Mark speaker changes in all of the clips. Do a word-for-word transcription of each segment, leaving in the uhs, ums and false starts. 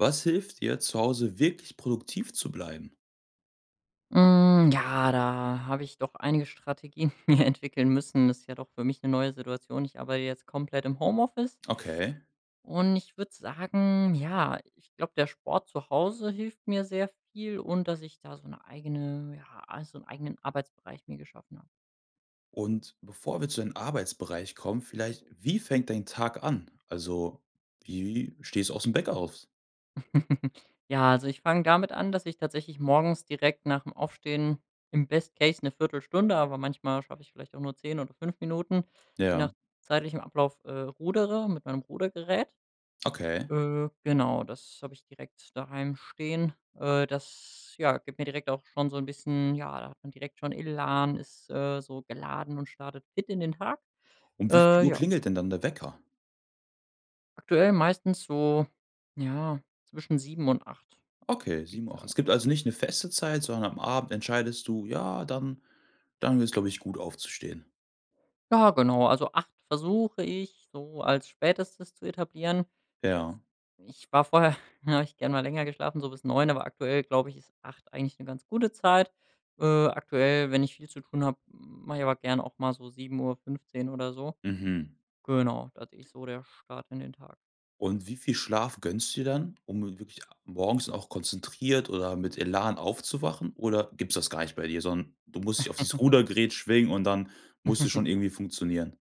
Speaker 1: Was hilft dir, zu Hause wirklich produktiv zu bleiben?
Speaker 2: Hm, ja, da hab ich doch einige Strategien mir entwickeln müssen. Das ist ja doch für mich 'ne neue Situation. Ich arbeite jetzt komplett im Homeoffice.
Speaker 1: Okay.
Speaker 2: Und ich würd sagen: Ja, ich glaub, der Sport zu Hause hilft mir sehr viel und dass ich da so 'ne eigene ja, also 'n eigenen Arbeitsbereich mir geschaffen hab.
Speaker 1: Und, bevor wir zu den Arbeitsbereich kommen, vielleicht: Wie fängt dein Tag an? Also, wie stehst du aus dem Beck aus?
Speaker 2: Ja, also ich fang damit an, dass ich tatsächlich morgens direkt nach dem Aufstehen im Best Case 'ne viertel Stunde, aber manchmal schaff ich vielleicht auch nur zehn oder fünf Minuten, je nach
Speaker 1: Ja.
Speaker 2: zeitlichem Ablauf, äh, rudere, mit meinem Rudergerät.
Speaker 1: Okay.
Speaker 2: Äh, genau, das hab ich direkt daheim stehen. Äh, das, ja, gibt mir direkt auch schon so 'n bisschen ja, da hat man direkt schon Elan, ist, äh, so geladen und startet fit in den Tag.
Speaker 1: Um wie viel
Speaker 2: Äh,
Speaker 1: Uhr
Speaker 2: ja.
Speaker 1: klingelt denn dann der Wecker?
Speaker 2: Aktuell meistens so, ja, zwischen sieben und acht,
Speaker 1: Okay,
Speaker 2: würd ich
Speaker 1: sieben
Speaker 2: jetzt
Speaker 1: auch.
Speaker 2: sagen.
Speaker 1: Es gibt also nicht 'ne feste Zeit, sondern am Abend entscheidest du: „Ja, dann dann wär's, glaub ich, gut aufzustehen.“
Speaker 2: Ja, genau. Also acht versuche ich so als Spätestes zu etablieren.
Speaker 1: Ja.
Speaker 2: Ich war vorher, da hab ich gern mal länger geschlafen, so bis neun, aber aktuell, glaub ich, ist acht eigentlich 'ne ganz gute Zeit. Äh, aktuell, wenn ich viel zu tun hab, m mach ich aber gern auch mal so sieben Uhr fünzehn oder so.
Speaker 1: Mhm.
Speaker 2: Genau, das ist so der Start in den Tag.
Speaker 1: Und wie viel Schlaf gönnst du dir dann, um wirklich morgens auch konzentriert oder mit Elan aufzuwachen? Oder gibt's das gar nicht bei dir, so 'n du musst dich auf dieses Rudergerät schwingen und dann musst du schon irgendwie funktionieren?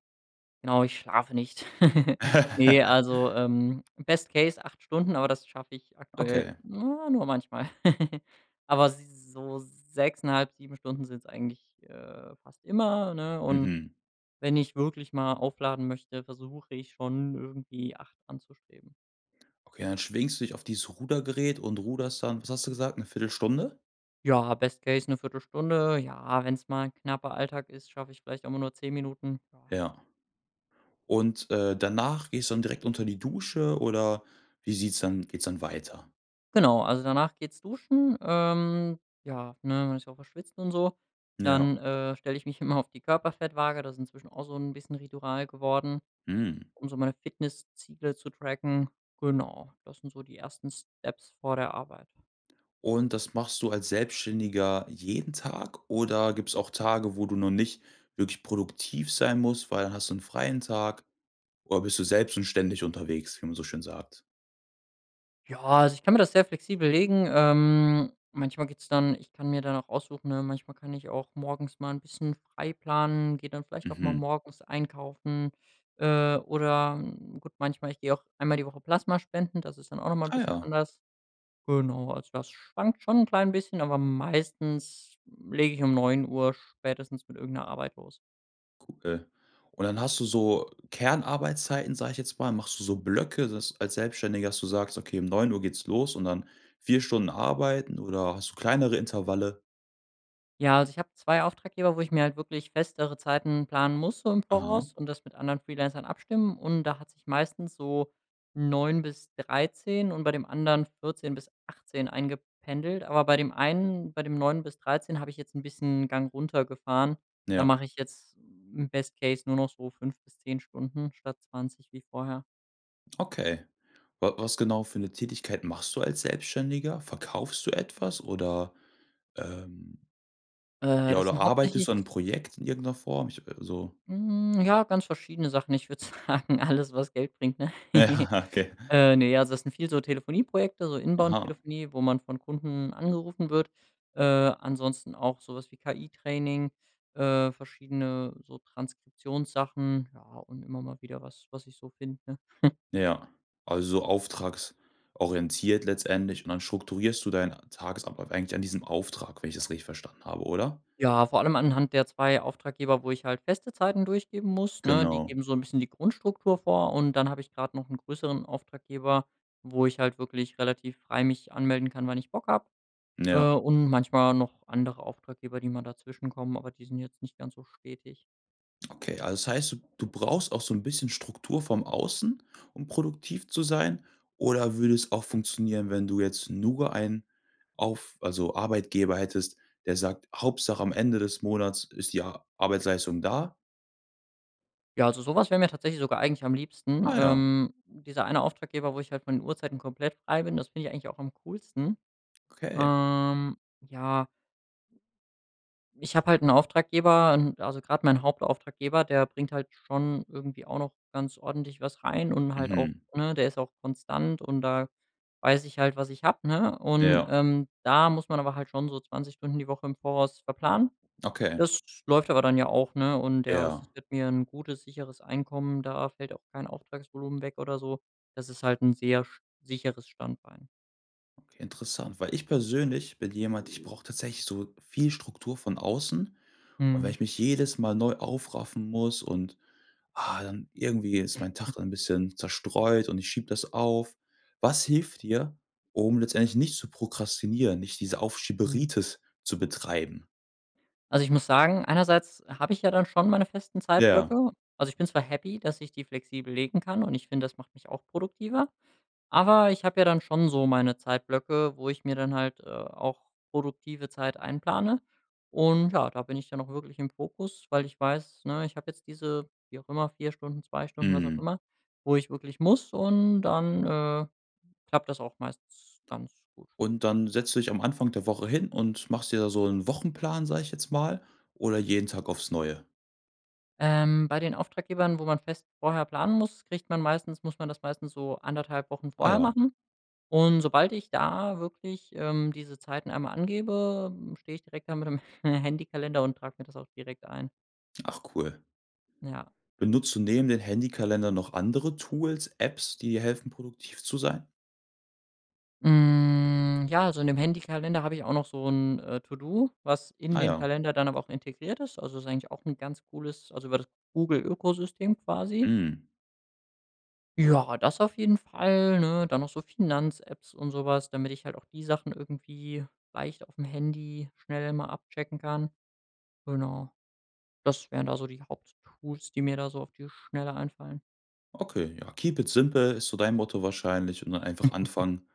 Speaker 2: Genau, ich schlafe nicht. Ne, also, ähm, Best Case acht Stunden, aber das schaff ich aktuell,
Speaker 1: Okay.
Speaker 2: nur manchmal. Aber s so sechseinhalb, sieben Stunden sind's eigentlich, äh, fast immer, ne? Und
Speaker 1: Mhm.
Speaker 2: wenn ich wirklich mal aufladen möchte, versuche ich schon, irgendwie acht anzustreben.
Speaker 1: Okay, dann schwingst du dich auf dieses Rudergerät und ruderst dann, was hast du gesagt, 'ne viertel Stunde
Speaker 2: Ja, Best Case 'ne viertel Stunde Ja, wenn's mal 'n knapper Alltag ist, schaff ich vielleicht immer nur zehn Minuten. Ja.
Speaker 1: Ja. Und, äh, danach gehst du dann direkt unter die Dusche oder wie sieht's dann geht's dann weiter?
Speaker 2: Genau, also danach geht's duschen. Ähm, ja, ne, man ist ja auch verschwitzt und so.
Speaker 1: Ja.
Speaker 2: Dann äh, stell ich mich immer auf die Körperfettwaage, das ist inzwischen auch so 'n bisschen Ritual geworden,
Speaker 1: Mhm.
Speaker 2: um so meine Fitnessziele zu tracken. Genau, das sind so die ersten Steps vor der Arbeit.
Speaker 1: Und das machst du als Selbstständiger jeden Tag oder gibt's auch Tage, wo du noch nicht wirklich produktiv sein musst, weil dann hast du 'n freien Tag oder bist du selbst und ständig unterwegs, wie man so schön sagt.
Speaker 2: Ja, also ich kann mir das sehr flexibel legen. Ähm, manchmal geht's dann ich kann mir dann auch aussuchen, ähm manchmal kann ich auch morgens mal 'n bisschen frei planen, geh dann vielleicht auch mal
Speaker 1: Mhm.
Speaker 2: morgens einkaufen äh, oder gut manchmal Ich geh auch einmal die Woche Plasmaspenden, das ist dann auch noch mal 'n
Speaker 1: Ach
Speaker 2: bisschen
Speaker 1: ja.
Speaker 2: anders. Genau, also das schwankt schon 'n klein bisschen, aber meistens lege ich um neun Uhr spätestens mit irgend 'ner Arbeit los.
Speaker 1: [unintelligible] Und dann hast du so Kernarbeitszeiten, sag ich jetzt mal, machst du so Blöcke, dass als Selbstständiger, dass du sagst: „Okay, um neun Uhr geht's los und dann vier Stunden arbeiten,“ oder hast du kleinere Intervalle?
Speaker 2: Ja, also ich hab zwei Auftraggeber, wo ich mir halt wirklich festere Zeiten planen muss so im
Speaker 1: Aha.
Speaker 2: Voraus und das mit anderen Freelancern abstimmen. Und da hat sich meistens so neun bis dreizehn und bei dem anderen vierzehn bis achtzehn eingependelt. Aber bei dem einen bei dem neun bis dreizehn hab ich jetzt 'n bisschen 'n Gang runtergefahren. Da
Speaker 1: Ja.
Speaker 2: mach ich jetzt im Best Case nur noch so fünf bis zehn Stunden statt zwanzig wie vorher.
Speaker 1: Okay. Wa was genau für 'ne Tätigkeit machst du als Selbstständiger? Verkaufst du etwas oder, ähm
Speaker 2: Äh,
Speaker 1: ja
Speaker 2: das
Speaker 1: oder
Speaker 2: sind
Speaker 1: arbeitest
Speaker 2: hauptsächlich
Speaker 1: du an 'nem Projekt in irgend 'ner Form? Ich w so
Speaker 2: Hm, ja, ganz verschiedene Sachen. Ich würd sagen, alles, was Geld bringt, ne.
Speaker 1: Okay.
Speaker 2: Äh, ne, also das sind viel so Telefonieprojekte, so
Speaker 1: Aha.
Speaker 2: Inbound-Telefonie, wo man von Kunden angerufen wird. Äh, ansonsten auch so was wie KI-Training, äh, verschiedene so Transkriptionssachen. Ja, und immer mal wieder was, was ich so finde.
Speaker 1: Ja, also auftragsorientiert letztendlich und dann strukturierst du deinen Tagesablauf eigentlich an diesem Auftrag, wenn ich das richtig verstanden habe, oder?
Speaker 2: Ja, vor allem anhand der zwei Auftraggeber, wo ich halt feste Zeiten durchgeben muss, ne? Die
Speaker 1: Genau.
Speaker 2: geben so 'n bisschen die Grundstruktur vor und dann hab ich grad noch 'n größeren Auftraggeber, wo ich halt wirklich relativ frei mich anmelden kann, wann ich Bock hab. Äh,
Speaker 1: Ja.
Speaker 2: und manchmal noch andere Auftraggeber, die mal dazwischen kommen, aber die sind jetzt nicht ganz so stetig.
Speaker 1: Okay. Also das heißt, du du brauchst auch so 'n bisschen Struktur vom Außen, um produktiv zu sein oder würde es auch funktionieren, wenn du jetzt nur einen auf also Arbeitgeber hättest, der sagt: „Hauptsache am Ende des Monats ist die A Arbeitsleistung da?“
Speaker 2: Ja, also so was wär' mir tatsächlich sogar eigentlich am liebsten.
Speaker 1: Ah ja.
Speaker 2: Ähm, dieser eine Auftraggeber, wo ich halt von den Uhrzeiten komplett frei bin, das find ich eigentlich auch am coolsten.
Speaker 1: Okay.
Speaker 2: Ähm, ja. Ich hab halt 'n Auftraggeber, ähm also grad mein Hauptauftraggeber, der bringt halt schon irgendwie auch noch ganz ordentlich was rein und halt auch
Speaker 1: Mhm
Speaker 2: ne, der ist auch konstant und da weiß ich halt, was ich hab, ne? Und,
Speaker 1: Ja.
Speaker 2: ähm, da muss man aber halt schon so zwanzig Stunden die Woche im Voraus verplanen.
Speaker 1: Okay.
Speaker 2: Das läuft aber dann ja auch, ne? Und der
Speaker 1: Ja.
Speaker 2: sichert mit mir 'n gutes, sicheres Einkommen. Da fällt auch kein Auftragsvolumen weg oder so. Das ist halt 'n sehr sch sicheres Standbein.
Speaker 1: Interessant, weil ich persönlich bin jemand, ich brauch tatsächlich so viel Struktur von außen und wenn
Speaker 2: Mhm.
Speaker 1: ich mich jedes Mal neu aufraffen muss und, ah, dann irgendwie ist mein Tag dann bisschen zerstreut und ich schiebe das auf. Was hilft dir, um letztendlich nicht zu prokrastinieren, nicht diese
Speaker 2: Mhm
Speaker 1: Aufschieberitis zu betreiben?
Speaker 2: Also, ich muss sagen, einerseits hab ich ja dann schon meine festen
Speaker 1: Ja.
Speaker 2: Zeitblöcke. Also ich bin zwar happy, dass ich die flexibel legen kann und ich find, das macht mich auch produktiver, aber ich hab ja dann schon so meine Zeitblöcke, wo ich mir dann halt, äh, auch produktive Zeit einplane. Und ja, da bin ich ja noch wirklich im Fokus, weil ich weiß, ne, ich hab jetzt diese, wie auch immer, vier Stunden, zwei Stunden, was auch
Speaker 1: Mhm.
Speaker 2: immer, wo ich wirklich muss und dann, äh, klappt das auch meistens ganz gut.
Speaker 1: Und dann setzt du dich am Anfang der Woche hin und machst dir da so 'n Wochenplan, sag ich jetzt mal, oder jeden Tag aufs Neue?
Speaker 2: Ähm, bei den Auftraggebern, wo man fest vorher planen muss, kriegt man meistens muss man das meistens so anderthalb Wochen
Speaker 1: Ah
Speaker 2: vorher
Speaker 1: ja.
Speaker 2: machen. Und sobald ich da wirklich, ähm, diese Zeiten mal angebe, steh ich direkt da mit dem Handykalender und trag mir das auch direkt ein.
Speaker 1: Ach cool.
Speaker 2: Ja.
Speaker 1: Benutzt du neben den Handykalender noch andere Tools, Apps, die helfen, produktiv zu sein?
Speaker 2: Hm, ja, also in dem Handykalender hab ich auch noch so 'n, äh, To do, was in
Speaker 1: Ah
Speaker 2: den
Speaker 1: ja.
Speaker 2: Kalender dann aber auch integriert ist. Also ist eigentlich auch 'n ganz cooles also über das Google Ökosystem quasi.
Speaker 1: Mhm.
Speaker 2: Ja, das auf jeden Fall, ne, dann noch so Finanz-Apps und so was, damit ich halt auch die Sachen irgendwie leicht aufm Handy schnell immer abchecken kann. Genau. Das wären da so die Haupttools, die mir da so auf die Schnelle einfallen.
Speaker 1: Okay, ja. „Keep it simple“ ist so dein Motto wahrscheinlich und dann einfach anfangen.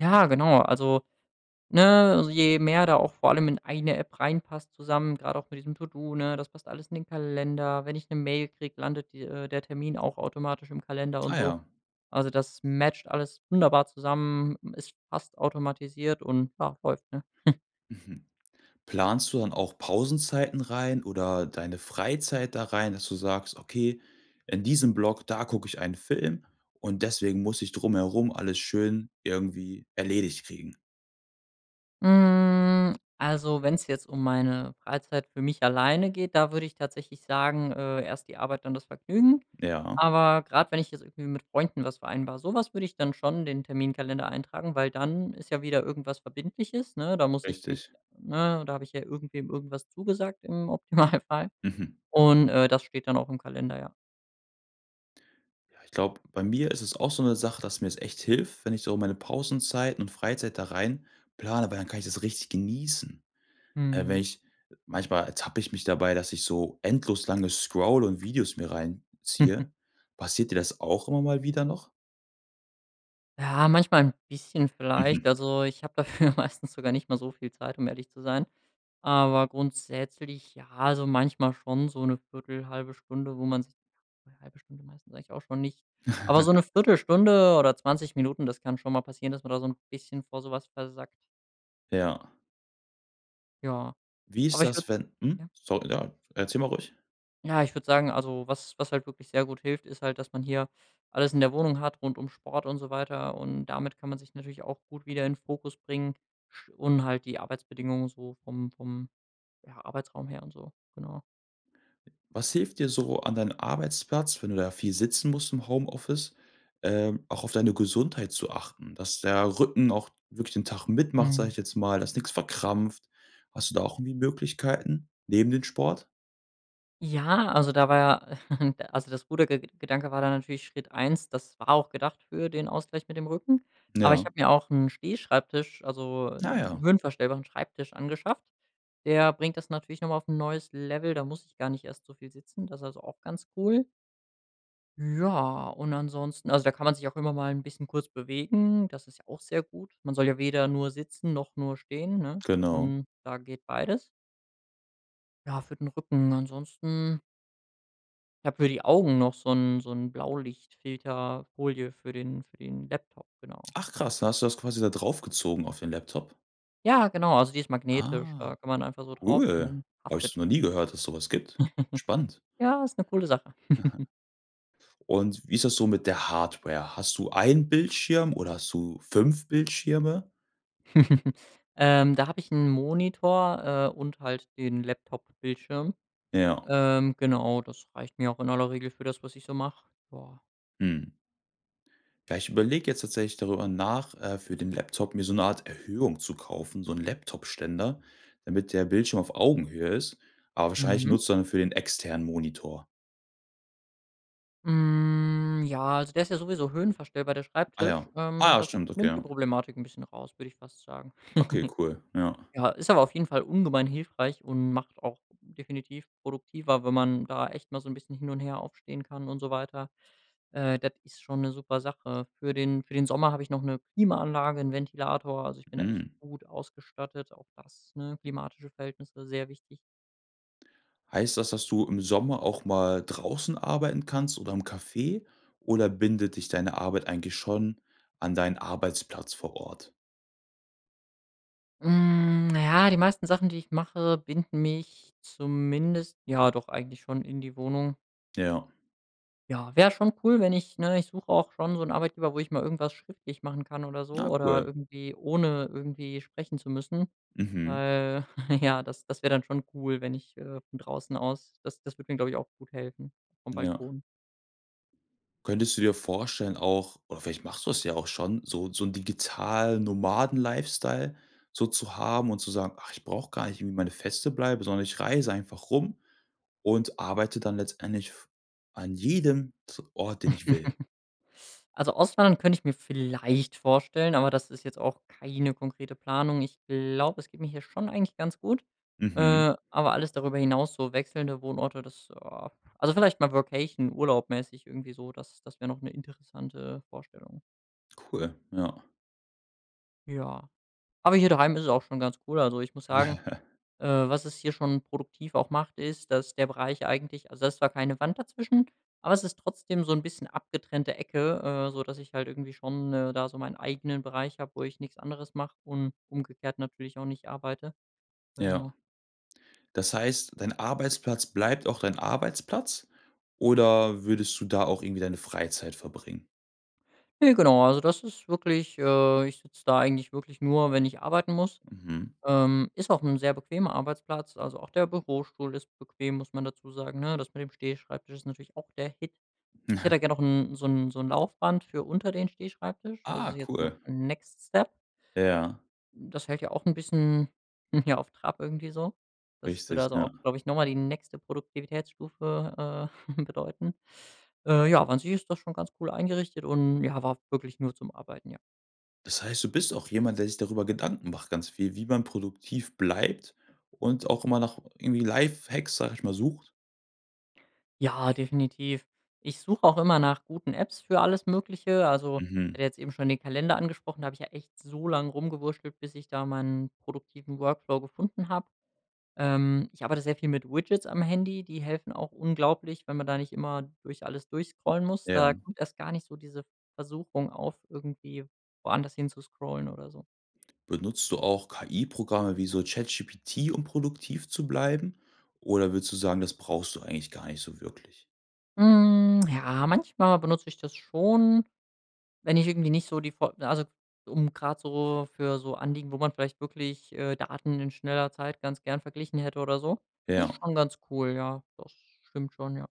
Speaker 2: Ja, genau. Also, ne, je mehr da auch vor allem in eine App reinpasst zusammen, grad auch mit diesem To-do, ne? Das passt alles in den Kalender. Wenn ich 'ne Mail krieg, landet die äh, der Termin auch automatisch im Kalender und
Speaker 1: Ah
Speaker 2: so.
Speaker 1: ja.
Speaker 2: Also, das matcht alles wunderbar zusammen, es passt automatisiert und ja, läuft, ne?
Speaker 1: Mhm. Planst du dann auch Pausenzeiten rein oder deine Freizeit da rein, dass du sagst: „Okay, in diesem Block, da guck ich einen Film und deswegen muss ich drumherum alles schön irgendwie erledigt kriegen“?
Speaker 2: Mhm, also wenn's jetzt um meine Freizeit für mich alleine geht, da würd ich tatsächlich sagen: „Äh, erst die Arbeit, dann das Vergnügen."
Speaker 1: Ja.
Speaker 2: Aber grad, wenn ich jetzt irgendwie mit Freunden was vereinbar, so was würd ich dann schon in den Terminkalender eintragen, weil dann ist ja wieder irgendwas Verbindliches, ne? Da muss ich
Speaker 1: Richtig.
Speaker 2: mich ne, da hab ich ja irgendwem irgendwas zugesagt, im Optimalfall.
Speaker 1: Mhm.
Speaker 2: Und, äh, das steht dann auch im Kalender, ja.
Speaker 1: Ja, ich glaub, bei mir ist es auch so 'ne Sache, dass mir's echt hilft, wenn ich so meine Pausenzeit und Freizeit da rein plane, weil dann kann ich das richtig genießen. Äh, wenn
Speaker 2: Mhm.
Speaker 1: ich manchmal ertappe ich mich dabei, dass ich so endlos lange Scroll und Videos mir reinziehe. Passiert dir das auch immer mal wieder noch?
Speaker 2: Ja, manchmal 'n bisschen vielleicht.
Speaker 1: Mhm.
Speaker 2: Also ich hab dafür meistens sogar nicht mal so viel Zeit, um ehrlich zu sein. Aber grundsätzlich ja also manchmal schon so 'ne viertel, halbe Stunde, wo man sich halbe Stunde meistens eigentlich auch schon, nicht. Aber so 'ne Viertel Stunde oder zwanzig Minuten, das kann schon mal passieren, dass man da son bisschen vor so was versackt.
Speaker 1: Ja.
Speaker 2: Ja.
Speaker 1: Wie ist
Speaker 2: Aber ich würd
Speaker 1: das, wenn Mhm.
Speaker 2: Ja.
Speaker 1: Sor ja, erzähl mal ruhig.
Speaker 2: Ja, ich würd sagen also, was was halt wirklich sehr gut hilft, ist halt, dass man hier alles in der Wohnung hat rund um Sport und so weiter und damit kann man sich natürlich ja auch gut wieder in Fokus bringen sch und halt die Arbeitsbedingungen so vom vom, ja, Arbeitsraum her und so. Genau.
Speaker 1: Was hilft dir so an deinen Arbeitsplatz, wenn du da viel sitzen musst im Homeoffice, ähm, auch auf deine Gesundheit zu achten? Dass der Rücken auch wirklich den Tag mitmacht, sag
Speaker 2: Mhm.
Speaker 1: ich jetzt mal dass nix verkrampft. Hast du da auch irgendwie Möglichkeiten neben dem Sport?
Speaker 2: Ja, also da war ja also das gute Ge Gedanke war dann natürlich Schritt eins, das war auch gedacht für den Ausgleich mit dem Rücken. Aber ich
Speaker 1: Ja.
Speaker 2: hab mir auch 'n Stehschreibtisch also
Speaker 1: Na
Speaker 2: 'n
Speaker 1: ja.
Speaker 2: höhenverstellbaren Schreibtisch angeschafft. Der bringt das natürlich noch mal auf 'n neues Level, da muss ich gar nicht erst so viel sitzen. Das ist also auch ganz cool. Ja und ansonsten also da kann man sich auch immer mal 'n bisschen kurz bewegen. Das ist ja auch sehr gut. Man soll ja weder nur sitzen noch nur stehen, ne,
Speaker 1: Genau.
Speaker 2: und da geht beides. Ja, für den Rücken ansonsten Ich hab für die Augen noch so 'n so 'n Blaulichtfilterfolie für den für den Laptop, genau.
Speaker 1: Ach krass, da hast du das quasi da draufgezogen auf den Laptop?
Speaker 2: Ja, genau, also die ist magnetisch,
Speaker 1: Ah,
Speaker 2: da kann man einfach so drauf und
Speaker 1: cool.
Speaker 2: dann
Speaker 1: Hab ich
Speaker 2: haftet
Speaker 1: noch nie gehört, dass es so was gibt. Spannend.
Speaker 2: Ja, ist 'ne coole Sache.
Speaker 1: Aha. Und wie ist das so mit der Hardware? Hast du einen Bildschirm oder hast du fünf Bildschirme?
Speaker 2: Ähm, da hab ich 'n Monitor, äh, und halt den Laptop-Bildschirm.
Speaker 1: Ja.
Speaker 2: Ähm, genau, das reicht mir auch in aller Regel für das, was ich so mach, ja.
Speaker 1: Mhm. Ja, ich überleg jetzt tatsächlich darüber nach, äh, für den Laptop mir so 'ne Art Erhöhung zu kaufen, so 'n Laptopständer, damit der Bildschirm auf Augenhöhe ist, aber wahrscheinlich
Speaker 2: Mhm.
Speaker 1: nutzt du dafür den externen Monitor.
Speaker 2: Mhm, ja, also der ist ja sowieso höhenverstellbar, der
Speaker 1: Ah ja.
Speaker 2: Schreibtisch. Ähm,
Speaker 1: Ah ja,
Speaker 2: das
Speaker 1: stimmt, okay,
Speaker 2: nimmt die
Speaker 1: ja.
Speaker 2: Problematik 'n bisschen raus, würd ich fast sagen.
Speaker 1: Okay, cool, ja.
Speaker 2: Ja, ist aber auf jeden Fall ungemein hilfreich und macht auch definitiv produktiver, wenn man da echt mal so 'n bisschen hin und her aufstehen kann und so weiter. Äh, das ist schon 'ne super Sache. Für den für den Sommer hab ich noch 'ne Klimaanlage, 'n Ventilator. Also ich bin da echt
Speaker 1: Mhm.
Speaker 2: gut ausgestattet, auch das ne klimatische Verhältnisse sehr wichtig.
Speaker 1: Heißt das, dass du im Sommer auch mal draußen arbeiten kannst oder im Café oder bindet dich deine Arbeit eigentlich schon an deinen Arbeitsplatz vor Ort?
Speaker 2: Mhm, na ja, die meisten Sachen, die ich mache, binden mich zumindest ja doch, eigentlich schon in die Wohnung
Speaker 1: Ja.
Speaker 2: Ja, wär schon cool, wenn ich ne, ich such auch schon so 'nen Arbeitgeber, wo ich mal irgendwas schriftlich machen kann oder
Speaker 1: Na
Speaker 2: so oder
Speaker 1: cool.
Speaker 2: irgendwie ohne irgendwie sprechen zu müssen.
Speaker 1: Mhm.
Speaker 2: Weil, ja, das das wär dann schon cool, wenn ich, äh, von draußen aus das das würd mir, glaub ich, auch gut helfen, vom
Speaker 1: Ja.
Speaker 2: Balkon.
Speaker 1: Könntest du dir vorstellen, auch oder vielleicht machst du das ja auch schon, so so 'n digitalen Nomadenlifestyle so zu haben und zu sagen: „Ach, ich brauch gar nicht wie meine feste Bleibe, sondern ich reise einfach rum und arbeite dann letztendlich v an jedem T Ort, den ich will.“
Speaker 2: Also Auswandern könnt ich mir vielleicht vorstellen, aber das ist jetzt auch keine konkrete Planung. Ich glaub, es geht mir hier schon eigentlich ganz gut.
Speaker 1: Mhm.
Speaker 2: Äh, aber alles darüber hinaus, so wechselnde Wohnorte, das, ah also vielleicht mal Workation, urlaubmäßig irgendwie so, das das wär noch 'ne interessante Vorstellung.
Speaker 1: Cool, ja.
Speaker 2: Ja. Aber hier daheim ist es auch schon ganz cool. Also ich muss sagen, äh, was es hier schon produktiv auch macht, ist, dass der Bereich eigentlich also da ist zwar keine Wand dazwischen, aber es ist trotzdem so 'n bisschen abgetrennte Ecke, äh, sodass ich halt irgendwie schon, äh, da so meinen eigenen Bereich hab, wo ich nix anderes mach und umgekehrt natürlich auch nicht arbeite.
Speaker 1: Ja.
Speaker 2: Genau.
Speaker 1: Das heißt, dein Arbeitsplatz bleibt auch dein Arbeitsplatz, oder würdest du da auch irgendwie deine Freizeit verbringen?
Speaker 2: Ne, genau, also das ist wirklich äh, ich sitz da eigentlich wirklich nur, wenn ich arbeiten muss.
Speaker 1: Mhm.
Speaker 2: Ähm, ist auch 'n sehr bequemer Arbeitsplatz, also auch der Bürostuhl ist bequem, muss man dazu sagen, ne? Das mit dem Stehschreibtisch ist natürlich auch der Hit. Ich hätte da gern noch 'n so 'n so 'n Laufband für unter den Stehschreibtisch. Das ist
Speaker 1: Ah,
Speaker 2: jetzt noch
Speaker 1: cool.
Speaker 2: next step.
Speaker 1: Ja.
Speaker 2: Das hält ja auch 'n bisschen, ja, auf Trab irgendwie so. Das würde
Speaker 1: Richtig,
Speaker 2: also auch,
Speaker 1: ja.
Speaker 2: glaub ich, noch mal die nächste Produktivitätsstufe äh, bedeuten. Äh, ja, an sich ist das schon ganz cool eingerichtet und ja, aber auch wirklich nur zum Arbeiten, ja.
Speaker 1: Das heißt, du bist auch jemand, der sich darüber Gedanken macht, ganz viel, wie man produktiv bleibt und auch immer noch irgendwie Lifehacks, sag ich mal, sucht?
Speaker 2: Ja, definitiv. Ich such auch immer nach guten Apps für alles Mögliche. Also,
Speaker 1: Mhm.
Speaker 2: hatte jetzt eben schon den Kalender angesprochen, da hab ich ja echt so lang rumgewurschtelt, bis ich da mal 'n produktiven Workflow gefunden hab. Ähm, ich arbeite sehr viel mit Widgets am Handy, die helfen auch unglaublich, wenn man da nicht immer durch alles durchscrollen muss. Da
Speaker 1: Ja.
Speaker 2: kommt erst gar nicht so diese Versuchung auf, irgendwie woanders hinzuscrollen oder so.
Speaker 1: Benutzt du auch KI-Programme wie so ChatGPT, um produktiv zu bleiben oder würdest du sagen, das brauchst du eigentlich gar nicht so wirklich?
Speaker 2: Hm, ja, manchmal benutz ich das schon, wenn ich irgendwie nicht so die F also um grad so für so Anliegen, wo man vielleicht wirklich, äh, Daten in schneller Zeit ganz gern verglichen hätte oder so. Das ist
Speaker 1: Ja.
Speaker 2: schon ganz cool, ja. Das stimmt schon, ja.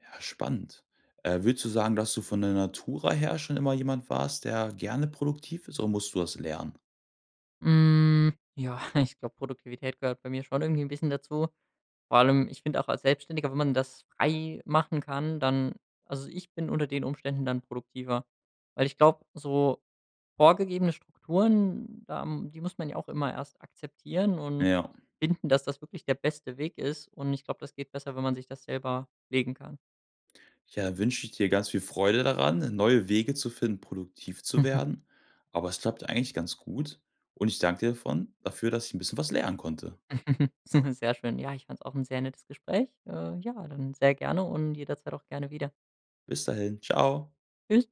Speaker 1: Ja, spannend. Äh, würdest du sagen, dass du von der Natura her schon immer jemand warst, der gerne produktiv ist oder musstest du das lernen?
Speaker 2: Hm, ja, ich glaub, Produktivität gehört bei mir schon irgendwie 'n bisschen dazu. Vor allem ich find auch als Selbstständiger, wenn man das frei machen kann, dann also ich bin unter den Umständen dann produktiver, weil ich glaub, so vorgegebene Strukturen, da die muss man ja auch immer erst akzeptieren und
Speaker 1: Ja.
Speaker 2: finden, dass das wirklich der beste Weg ist. Und ich glaub, das geht besser, wenn man sich das selber legen kann.
Speaker 1: Ja, da wünsch ich dir ganz viel Freude daran, neue Wege zu finden, produktiv zu werden. Aber es klappt eigentlich ganz gut und ich dank dir davon dafür, dass ich 'n bisschen was lernen konnte.
Speaker 2: S sehr schön. Ja, ich fand's auch 'n sehr nettes Gespräch. Äh, ja, dann sehr gerne und jederzeit auch gerne wieder.
Speaker 1: Bis dahin. Tschau.
Speaker 2: Tschüss.